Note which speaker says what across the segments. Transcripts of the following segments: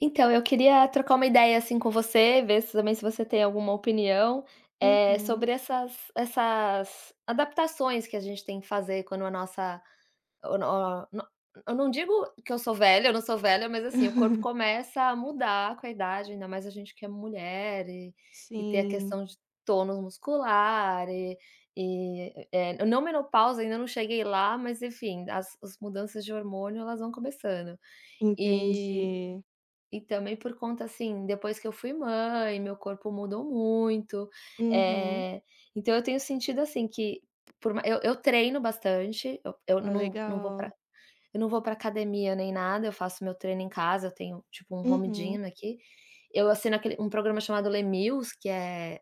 Speaker 1: Então eu queria trocar uma ideia, assim, com você, ver se também se você tem alguma opinião, eh,
Speaker 2: Uhum.
Speaker 1: sobre essas essas adaptações que a gente tem que fazer quando a nossa, oh no no eu não digo que eu sou velha, eu não sou velha, mas assim, o corpo começa a mudar com a idade, ainda mais a gente que é mulher, e ter a
Speaker 2: Sim.
Speaker 1: questão de tônus muscular, e e eh, não menopausa ainda não cheguei lá mas enfim as mudanças de hormônio elas vão começando, e
Speaker 2: Entendi.
Speaker 1: e também por conta, assim, depois que eu fui mãe meu corpo mudou muito,
Speaker 2: Uhum.
Speaker 1: eh, então eu tenho sentido, assim, que por ma eu eu treino bastante, eu
Speaker 2: Ah,
Speaker 1: não não vou pra
Speaker 2: legal.
Speaker 1: eu não vou pra academia nem nada, eu faço meu treino em casa, eu tenho tipo um home
Speaker 2: Uhum.
Speaker 1: gym aqui, eu assino aquele um programa chamado Les Mills que é,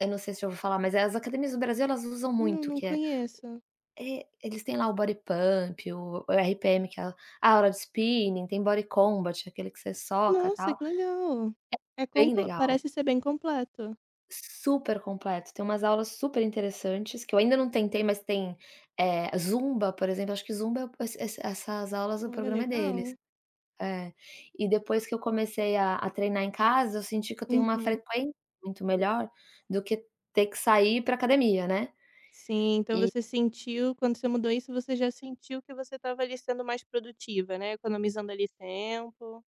Speaker 1: eu não sei se já ouviu falar, mas as academias do Brasil elas usam
Speaker 2: Não,
Speaker 1: muito
Speaker 2: não
Speaker 1: que é,
Speaker 2: conheço.
Speaker 1: é eles têm lá o Bodypump, o RPM que é a aula de spinning, tem Body Combat, aquele que você soca
Speaker 2: Nossa
Speaker 1: tal,
Speaker 2: que legal, é
Speaker 1: é
Speaker 2: com
Speaker 1: bem legal.
Speaker 2: parece ser bem completo.
Speaker 1: Super completo, tem umas aulas super interessantes que eu ainda não tentei, mas tem, eh, zumba, por exemplo, acho que zumba essas essas essas aulas o
Speaker 2: Olha
Speaker 1: programa é deles,
Speaker 2: legal.
Speaker 1: eh, e depois que eu comecei a a treinar em casa, eu senti que eu tenho uma
Speaker 2: Uhum.
Speaker 1: frequência muito melhor do que ter que sair pra academia, né,
Speaker 2: Sim, então
Speaker 1: e
Speaker 2: você sentiu, quando você mudou isso você já sentiu que você estava ali sendo mais produtivo, né, economizando ali tempo.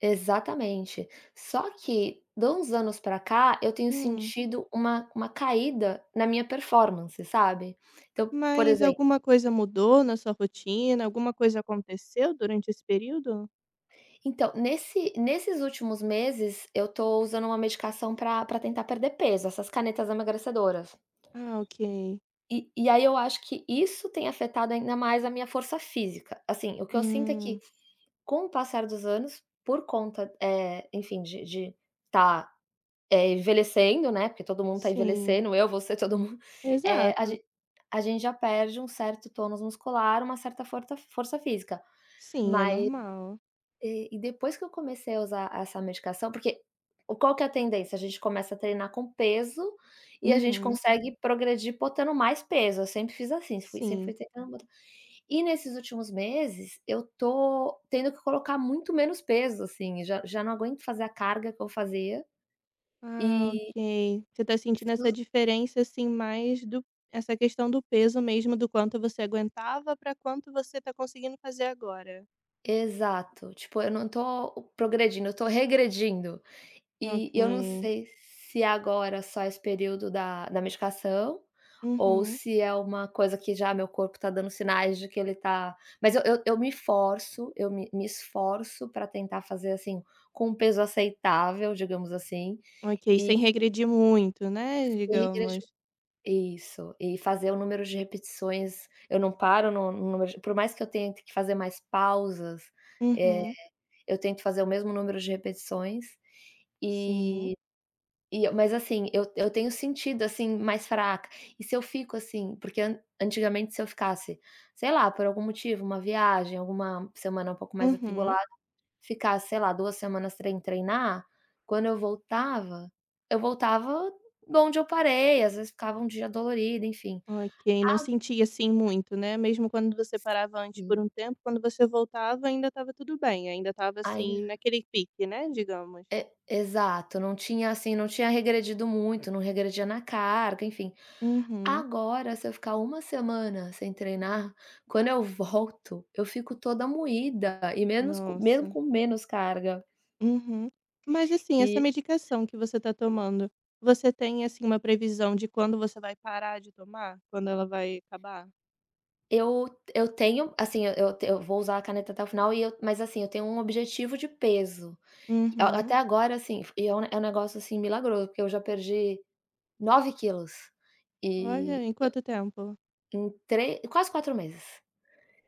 Speaker 1: Exatamente. Só que, de uns anos para cá, eu tenho
Speaker 2: Hum.
Speaker 1: sentido uma uma caída na minha performance, sabe. Então por
Speaker 2: Mas
Speaker 1: exemplo.
Speaker 2: alguma coisa mudou na sua rotina, alguma coisa aconteceu durante esse período?
Speaker 1: Então nesse nesses últimos meses, eu tô usando uma medicação pra pra tentar perder peso, essas canetas emagrecedoras.
Speaker 2: Ah, ok.
Speaker 1: E e aí eu acho que isso tem afetado ainda mais a minha força física. Assim, o que eu sinto é que,
Speaker 2: Hum.
Speaker 1: com o passar dos anos, por conta, eh, enfim de de tá, eh, envelhecendo, né, porque todo mundo tá
Speaker 2: Sim.
Speaker 1: envelhecendo, eu você todo mundo, eh, a
Speaker 2: Exato.
Speaker 1: ge a gente já perde um certo tônus muscular, uma certa forta força física,
Speaker 2: Sim é
Speaker 1: mas
Speaker 2: normal.
Speaker 1: e depois que eu comecei a usar essa medicação, porque qual que é a tendência? A gente começa a treinar com peso, e a gente
Speaker 2: Uhum.
Speaker 1: consegue progredir botando mais peso, eu sempre fiz assim, fui sempre
Speaker 2: Sim.
Speaker 1: treinar bota e nesses últimos meses eu tô tendo que colocar muito menos peso, assim, já já não aguento fazer a carga que eu fazia
Speaker 2: Ah
Speaker 1: e
Speaker 2: ok, você tá sentindo essa
Speaker 1: [unintelligible]
Speaker 2: diferença, assim, mais do essa questão do peso mesmo do quanto você aguentava, pra quanto você tá conseguindo fazer agora?
Speaker 1: Exato, tipo, eu não tô progredindo, eu tô regredindo. E e eu não
Speaker 2: Ok.
Speaker 1: sei se agora só esse período da da medicação, ou
Speaker 2: Uhum.
Speaker 1: se é uma coisa que já meu corpo tá dando sinais de que ele tá mas eu eu me forço, eu me me esforço pra tentar fazer, assim, com peso aceitável, digamos, assim,
Speaker 2: Ok
Speaker 1: e
Speaker 2: sem regredir muito, né,
Speaker 1: e
Speaker 2: digamos.
Speaker 1: regrediu isso e fazer o número de repetições eu não paro no no número por mais que eu tenha que fazer mais pausas, eh,
Speaker 2: Uhum.
Speaker 1: eu tento fazer o mesmo número de repetições,
Speaker 2: Sim.
Speaker 1: e e mas assim, eu eu tenho sentido, assim, mais fraca e se eu fico, assim porque antigamente se eu ficasse, sei lá, por algum motivo uma viagem alguma semana um pouco mais
Speaker 2: Uhum.
Speaker 1: atribulada, ficar sei lá, 2 semanas sem treinar. Quando eu voltava, eu voltava donde eu parei às vezes ficava um dia dolorido enfim
Speaker 2: Ok, não sentia, assim,
Speaker 1: ago
Speaker 2: muito, né, mesmo quando você parava antes por
Speaker 1: Sim.
Speaker 2: um tempo quando você voltava ainda estava tudo bem ainda estava,
Speaker 1: Ai
Speaker 2: assim, naquele pique, né, digamos.
Speaker 1: E exato, não tinha assim, não tinha regredido muito, não regredia na carga enfim.
Speaker 2: Uhum.
Speaker 1: Agora se eu ficar 1 semana sem treinar, quando eu volto, eu fico toda moída e menos co mesmo
Speaker 2: Nossa.
Speaker 1: com menos carga.
Speaker 2: Uhum. Mas assim, essa
Speaker 1: E.
Speaker 2: medicação que você tá tomando você tem, assim, uma previsão de quando você vai parar de tomar, quando ela vai acabar?
Speaker 1: Eu eu tenho, assim, eu eu vou usar a caneta até o final e eu, mas assim, eu tenho um objetivo de peso. A até
Speaker 2: Uhum.
Speaker 1: agora assim, é é um negócio, assim, milagroso, porque eu já perdi 9 quilos.
Speaker 2: Olha,
Speaker 1: E,
Speaker 2: em quanto tempo?
Speaker 1: em 3 quase 4 meses.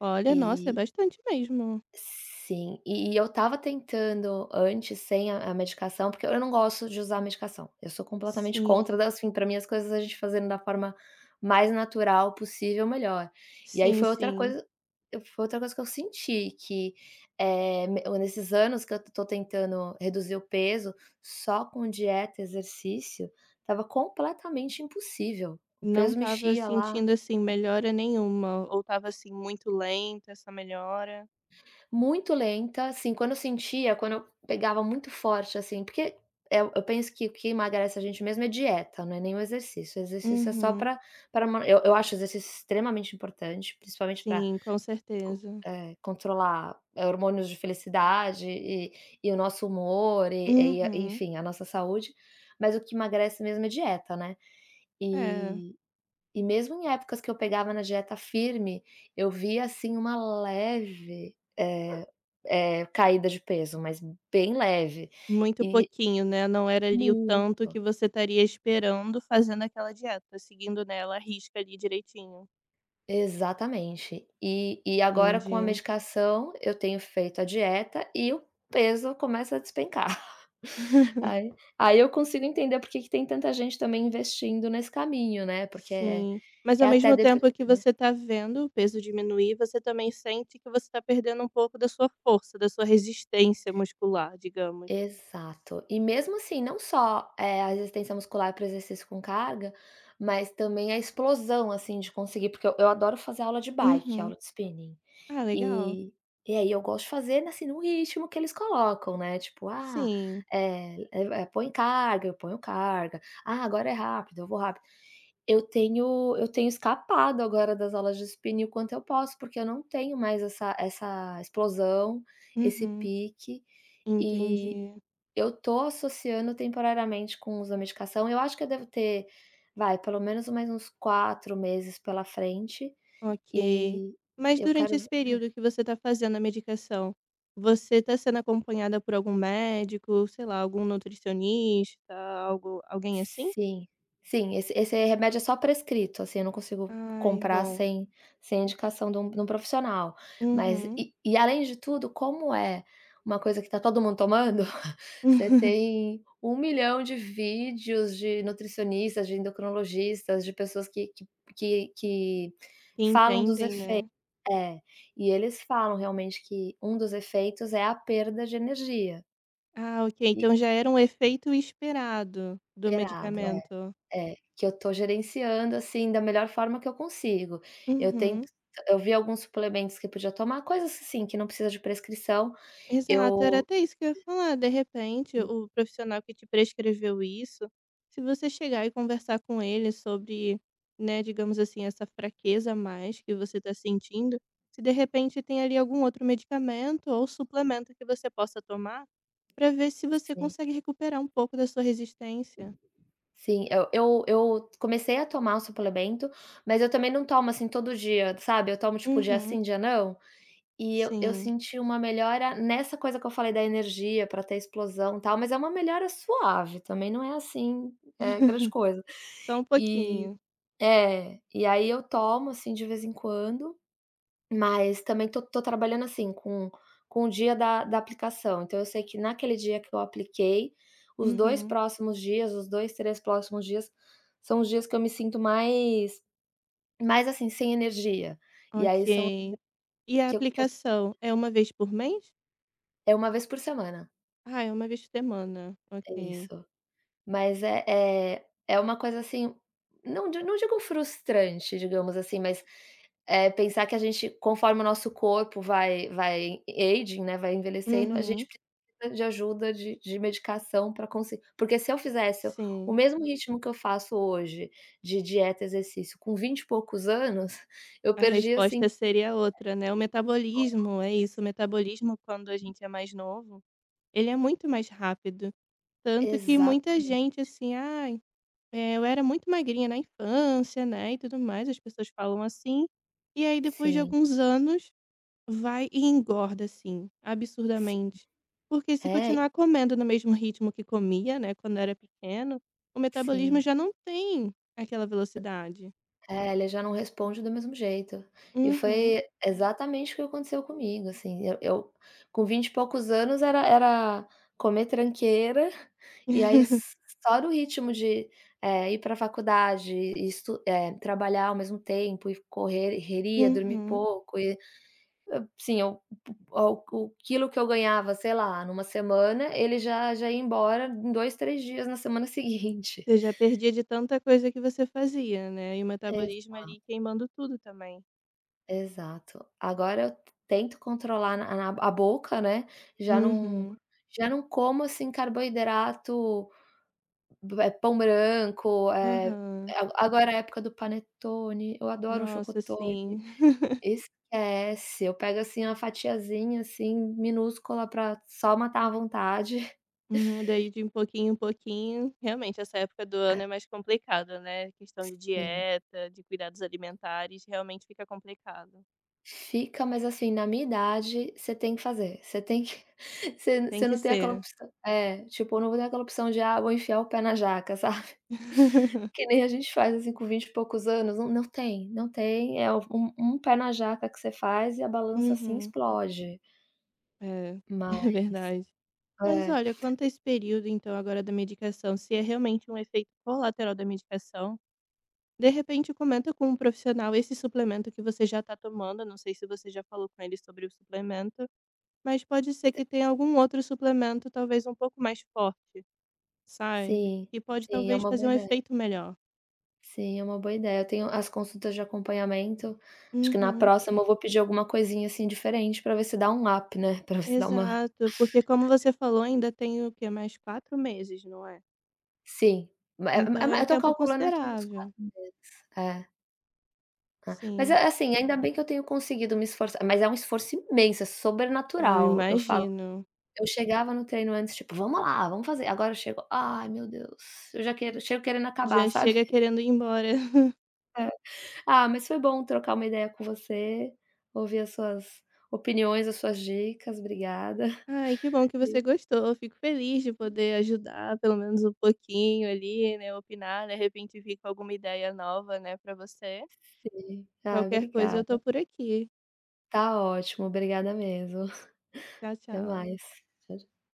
Speaker 2: Olha, nossa é
Speaker 1: E
Speaker 2: bastante mesmo.
Speaker 1: sim, e eu estava tentando antes sem a medicação, porque eu não gosto de usar medicação, eu sou completamente contra
Speaker 2: Sim.
Speaker 1: das fim pra mim as coisas a gente fazendo da forma mais natural possível melhor. E aí
Speaker 2: Sim,
Speaker 1: foi outra
Speaker 2: sim.
Speaker 1: coisa foi outra coisa que eu senti que, eh, nesses anos que eu tô tentando reduzir o peso, só com dieta, exercício, estava completamente impossível. O
Speaker 2: Não
Speaker 1: peso
Speaker 2: estava
Speaker 1: mexia lá.
Speaker 2: sentindo, assim,
Speaker 1: [unintelligible]
Speaker 2: melhora nenhuma ou estava, assim, muito lenta essa melhora?
Speaker 1: Muito lenta, assim, quando eu sentia, quando eu pegava muito forte, assim, porque, eh, eu penso que o que emagrece a gente mesmo é dieta, não é nem o exercício. O exercício é só
Speaker 2: Uhum.
Speaker 1: pra pra man eu acho o exercício extremamente importante principalmente pra
Speaker 2: Sim, com certeza.
Speaker 1: con eh, controlar hormônios de felicidade e e o nosso humor e e
Speaker 2: Uhum.
Speaker 1: enfim a nossa saúde, mas o que emagrece mesmo é dieta, né.
Speaker 2: É.
Speaker 1: E e mesmo em épocas que eu pegava na dieta firme eu via, assim, uma leve, eh eh, caída de peso, mas bem leve
Speaker 2: Muito
Speaker 1: e
Speaker 2: pouquinho, né, não era ali o tanto
Speaker 1: Muito.
Speaker 2: que você estaria esperando fazendo aquela dieta seguindo, né, ela a risca ali direitinho.
Speaker 1: Exatamente, e e agora com a
Speaker 2: Entendi.
Speaker 1: medicação eu tenho feito a dieta e o peso começa a despencar, aí aí eu consigo entender porque que tem tanta gente também investindo nesse caminho, né, porque é
Speaker 2: Sim mas ao
Speaker 1: até
Speaker 2: mesmo
Speaker 1: depre
Speaker 2: tempo que
Speaker 1: né.
Speaker 2: você tá vendo o peso diminuir você também sente que você está perdendo um pouco da sua força, da sua resistência muscular digamos.
Speaker 1: Exato, e mesmo assim, não só, eh, a resistência muscular para o exercício com caga, mas também a explosão, assim, de conseguir, porque eu eu adoro fazer aula de bike,
Speaker 2: Uhum,
Speaker 1: aula de spinning,
Speaker 2: ah legal.
Speaker 1: eh, e aí eu gosto de fazer, assim, no ritmo que eles colocam, né, tipo: "Ah,
Speaker 2: Sim.
Speaker 1: eh eh, põe carga", eu ponho carga, "ah, agora é rápido", eu vou rápido, eu tenho eu tenho escapado agora das aulas de spinning o quanto eu posso, porque eu não tenho mais essa essa explosão, esse
Speaker 2: Uhum,
Speaker 1: pique e
Speaker 2: entendi.
Speaker 1: eu tô associando temporariamente com o uso da medicação, eu acho que deve ter vai, pelo menos mais uns 4 meses pela frente,
Speaker 2: Ok,
Speaker 1: e
Speaker 2: mas
Speaker 1: eu
Speaker 2: durante
Speaker 1: quero
Speaker 2: esse período que você tá fazendo a medicação, você tá sendo acompanhada por algum médico, sei lá, algum nutricionista algo alguém, assim?
Speaker 1: Sim, sim, esse esse remédio é só prescrito, assim, eu não consigo
Speaker 2: Ai,
Speaker 1: comprar
Speaker 2: bom.
Speaker 1: sem sem indicação de um de um profissional, mas
Speaker 2: Uhum.
Speaker 1: e e além de tudo, como é uma coisa que está todo mundo tomando, você tem um milhão de vídeos de nutricionistas, de endocrinologistas, de pessoas que que que que falam dos
Speaker 2: Entendem,
Speaker 1: efeitos
Speaker 2: né.
Speaker 1: eh, e eles falam realmente que um dos efeitos é a perda de energia.
Speaker 2: Ah, ok
Speaker 1: E
Speaker 2: então já era um efeito esperado do
Speaker 1: Esperado,
Speaker 2: medicamento?
Speaker 1: é, é, que eu tô gerenciando, assim, da melhor forma que eu consigo. Eu tento
Speaker 2: Uhum.
Speaker 1: eu vi alguns suplementos que podia tomar, coisas assim, que não precisa de prescrição,
Speaker 2: Exato, era
Speaker 1: eu
Speaker 2: até isso que ia falar, de repente
Speaker 1: Sim.
Speaker 2: o profissional que te prescreveu isso, se você chegar e conversar com ele sobre, né, digamos assim, essa fraqueza a mais que você está sentindo, se de repente tem ali algum outro medicamento ou suplemento que você possa tomar pra ver se você
Speaker 1: Sei.
Speaker 2: consegue recuperar um pouco da sua resistência.
Speaker 1: Sim, eu eu eu comecei a tomar o suplemento, mas eu também não tomo, assim, todo dia sabe, eu tomo tipo dia
Speaker 2: Uhum.
Speaker 1: sim dia não. E eu eu
Speaker 2: Sim.
Speaker 1: senti uma melhora nessa coisa que eu falei da energia para ter explosão, tal. Mas é uma melhora suave, também não é assim, eh, grande coisa.
Speaker 2: Só um
Speaker 1: E
Speaker 2: pouquinho.
Speaker 1: é, e aí eu tomo assim, de vez em quando. Mas também tô tô trabalhando, assim, com com o dia da da aplicação. Então eu sei que naquele dia que eu apliquei os 2
Speaker 2: Uhum.
Speaker 1: próximos dias os 2, 3 próximos dias são os dias que eu me sinto mais mais, assim, sem energia. E aí são os
Speaker 2: Ok. E a
Speaker 1: dias que eu que eu
Speaker 2: aplicação é 1 vez por mês?
Speaker 1: É 1 vez por semana.
Speaker 2: Ah, é 1 vez por semana,
Speaker 1: É
Speaker 2: ok.
Speaker 1: isso mas é é é uma coisa assim, não di não digo frustrante, digamos assim, mas, eh, pensar que a gente conforme o nosso corpo vai vai aging, né, vai envelhecendo a
Speaker 2: Uhum.
Speaker 1: gente precisa de ajuda de de medicação para conseguir porque se eu fizesse o
Speaker 2: Sim.
Speaker 1: mesmo ritmo que eu faço hoje de dieta exercício com vinte e poucos anos, eu
Speaker 2: A
Speaker 1: perdia assim.
Speaker 2: resposta seria outra, né, o metabolismo é isso, o
Speaker 1: [unintelligible]
Speaker 2: metabolismo quando a gente é mais novo ele é muito mais rápido, tanto que muita gente,
Speaker 1: Exatamente.
Speaker 2: assim, "Ai, eh, eu era muito magrinha na infância." Né, e tudo mais as pessoas falam, assim, e aí depois de
Speaker 1: Sim.
Speaker 2: alguns anos vai e engorda, assim,
Speaker 1: Sim
Speaker 2: absurdamente porque se
Speaker 1: é e
Speaker 2: continuar comendo no mesmo ritmo que comia, né, quando era pequeno o metabolismo
Speaker 1: Sim.
Speaker 2: já não tem aquela velocidade.
Speaker 1: É ele já não responde do mesmo jeito. E
Speaker 2: Uhum.
Speaker 1: foi exatamente o que aconteceu comigo, assim, eu eu com vinte e poucos anos era era comer tranqueira e aí só no ritmo de, eh, ir para a faculdade e estu eh, trabalhar ao mesmo tempo e correria, dormir
Speaker 2: Uhum.
Speaker 1: pouco e, assim, o eu o o quilo que eu ganhava, sei lá, numa semana ele já já ia embora em 2, 3 dias na semana seguinte.
Speaker 2: Você já perdia de tanta coisa que você fazia, né, e o metabolismo
Speaker 1: Exato.
Speaker 2: ali queimando tudo também.
Speaker 1: Exato. Agora eu tento controlar na a boca, né. Já não
Speaker 2: Uhum.
Speaker 1: já não como, assim, carboidrato, eh, pão branco, eh,
Speaker 2: Aham.
Speaker 1: ago agora é época do panetone, eu adoro um
Speaker 2: Nossa
Speaker 1: chocotone.
Speaker 2: sim.
Speaker 1: Esquece, eu pego, assim, uma fatiazinha, assim, minúscula para só matar a vontade.
Speaker 2: Hum, daí de em pouquinho em pouquinho, realmente essa época do ano
Speaker 1: Ah.
Speaker 2: é mais complicada, né, questão de
Speaker 1: Sim.
Speaker 2: dieta, de cuidados alimentares, realmente fica complicado.
Speaker 1: Fica, mas assim, na minha idade você tem que fazer, você tem que, você
Speaker 2: Tem
Speaker 1: você
Speaker 2: que
Speaker 1: não tem outra
Speaker 2: ser.
Speaker 1: opção. É tipo eu não vou ter aquela opção de: 'Ah vou enfiar o pé na jaca, sabe?" Que nem a gente faz assim com vinte e poucos anos, não não tem não tem é um um pé na jaca que você faz e a balança, assim,
Speaker 2: Uhum.
Speaker 1: explode.
Speaker 2: É,
Speaker 1: Mas,
Speaker 2: é verdade. Mas
Speaker 1: é.
Speaker 2: olha quanto a esse período então agora da medicação se é realmente um efeito colateral da medicação. De repente comenta com um profissional esse suplemento que você já tá tomando, não sei se você já falou com ele sobre o suplemento, mas pode ser que tenha algum outro suplemento talvez pouco mais forte, sabe?
Speaker 1: Sim,
Speaker 2: E pode
Speaker 1: sim, é
Speaker 2: talvez
Speaker 1: uma
Speaker 2: fazer
Speaker 1: boa
Speaker 2: um
Speaker 1: ideia.
Speaker 2: efeito melhor.
Speaker 1: Sim, é uma boa ideia. Eu tenho as consultas de acompanhamento. Acho que na
Speaker 2: Uhum.
Speaker 1: próxima eu vou pedir alguma coisinha, assim, diferente para ver se dá um up né, para você dar uma
Speaker 2: Exato porque como você falou ainda tem o quê mais 4 meses, não é?
Speaker 1: Sim, é uma é
Speaker 2: Então
Speaker 1: uma
Speaker 2: é um
Speaker 1: eu tô
Speaker 2: tempo
Speaker 1: calculando aqui uns
Speaker 2: considerável.
Speaker 1: 4 meses é. Ah, mas
Speaker 2: Sim.
Speaker 1: é assim, ainda bem que eu tenho conseguido me esforçar, mas é um esforço imenso é
Speaker 2: Eu
Speaker 1: sobrenatural. Eu falo
Speaker 2: imagino.
Speaker 1: eu chegava no treino antes tipo: "Vamos lá, vamos fazer!" Agora eu chego: "Ai meu deus." Eu já quero chego querendo acabar,
Speaker 2: Já
Speaker 1: sabe?
Speaker 2: chega querendo ir embora.
Speaker 1: Eh, ah, mas foi bom trocar uma ideia com você, ouvir as suas opiniões as suas dicas obrigada,
Speaker 2: Ai que bom que
Speaker 1: viu?
Speaker 2: você gostou, eu fico feliz de
Speaker 1: Hum.
Speaker 2: poder ajudar pelo menos um pouquinho ali, né, opinar de repente vir com alguma ideia nova, né, para você
Speaker 1: Sim. Ah,
Speaker 2: qualquer coisa eu tô
Speaker 1: obrigada.
Speaker 2: por aqui.
Speaker 1: Tá ótimo, obrigada mesmo.
Speaker 2: Tchau
Speaker 1: Até
Speaker 2: tchau.
Speaker 1: mais, tchau tchau.